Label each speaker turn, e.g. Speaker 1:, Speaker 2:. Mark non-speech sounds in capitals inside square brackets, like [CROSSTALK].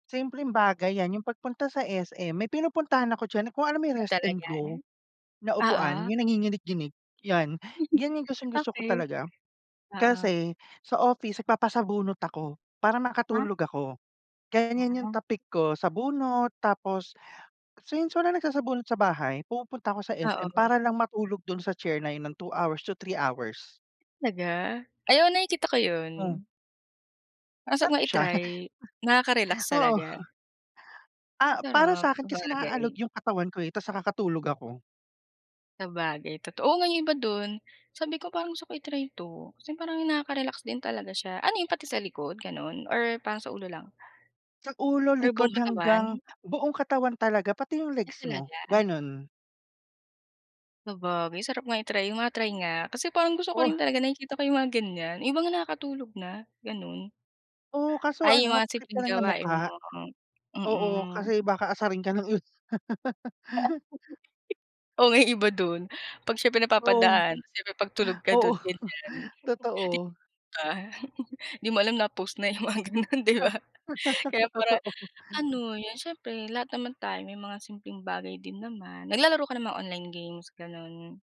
Speaker 1: Simpleng bagay 'yan yung pagpunta sa SM. May pinupuntahan ako diyan, kung alam mo may
Speaker 2: Ay,
Speaker 1: Rest N
Speaker 2: talaga?
Speaker 1: Go na upuan
Speaker 2: Oo.
Speaker 1: yung nanginginig-nginig 'yan. 'Yan yung
Speaker 2: [GIGGLES]
Speaker 1: gustong-gusto ko
Speaker 2: Okey,
Speaker 1: talaga.
Speaker 2: oo.
Speaker 1: Kasi sa office nagpapasabunot ako para
Speaker 2: Ha.
Speaker 1: makatulog ako, kaya yan yung
Speaker 2: Hmm.
Speaker 1: tapik ko, sabunot tapos since walang nagsasabunot sa bahay pumupunta ako sa SM
Speaker 2: Oo.
Speaker 1: para lang matulog dun sa chair na yun ng 2 hours to 3 hours.
Speaker 2: Talaga? Ay, oo nakikita ko
Speaker 1: Mm.
Speaker 2: 'yon. Ang sarap
Speaker 1: Sarap
Speaker 2: nga
Speaker 1: siya.
Speaker 2: i-try, nakaka-relax
Speaker 1: [CHUCKLES] Oo.
Speaker 2: talaga.
Speaker 1: Ah, para
Speaker 2: Sarap,
Speaker 1: sa 'kin kasi naalog
Speaker 2: sabagay.
Speaker 1: yung katawan ko, eh, ta's nakakatulog ako.
Speaker 2: Sabagay toto o nga yung iba do'n, sabi ko, "Parang gusto ko i-try 'to" kasi parang nakaka-relax din talaga siya. Ano yun pati sa likod gano'n or parang sa ulo lang?
Speaker 1: Sa ulo,
Speaker 2: Or buong
Speaker 1: likod hanggang
Speaker 2: katawan?
Speaker 1: buong katawan talaga pati yung
Speaker 2: Ah,
Speaker 1: legs mo,
Speaker 2: talaga?
Speaker 1: gano'n.
Speaker 2: Sabagay, sarap nga i-try, ma-try nga kasi parang gusto ko
Speaker 1: Oh.
Speaker 2: rin talaga nakikita ko yung mga ganiyan. Iba nga nakakatulog na gano'n.
Speaker 1: Oh, kaso
Speaker 2: Ay,
Speaker 1: ano
Speaker 2: yung mga
Speaker 1: magtakip ka
Speaker 2: simpleng
Speaker 1: lang ng
Speaker 2: gawain
Speaker 1: mukha.
Speaker 2: mo, hmm,
Speaker 1: Oo
Speaker 2: mm.
Speaker 1: kasi baka asarin ka ng i
Speaker 2: [GIGGLES]
Speaker 1: [LAUGHS]
Speaker 2: O, may iba do'n, pag siyempre
Speaker 1: Oh,
Speaker 2: napapadaan siyempre pagtulog ka
Speaker 1: oo
Speaker 2: do'n ganiyan,
Speaker 1: [CHUCKLES] totoo.
Speaker 2: [CHUCKLES] 'di ba? [CHUCKLES] 'Di mo alam na post na yung mga gano'n, 'di ba. Kaya para
Speaker 1: Totoo.
Speaker 2: ano, 'yon siyempre lahat naman tayo may mga simpleng bagay din naman. Naglalaro ka ng mga online games gano'n?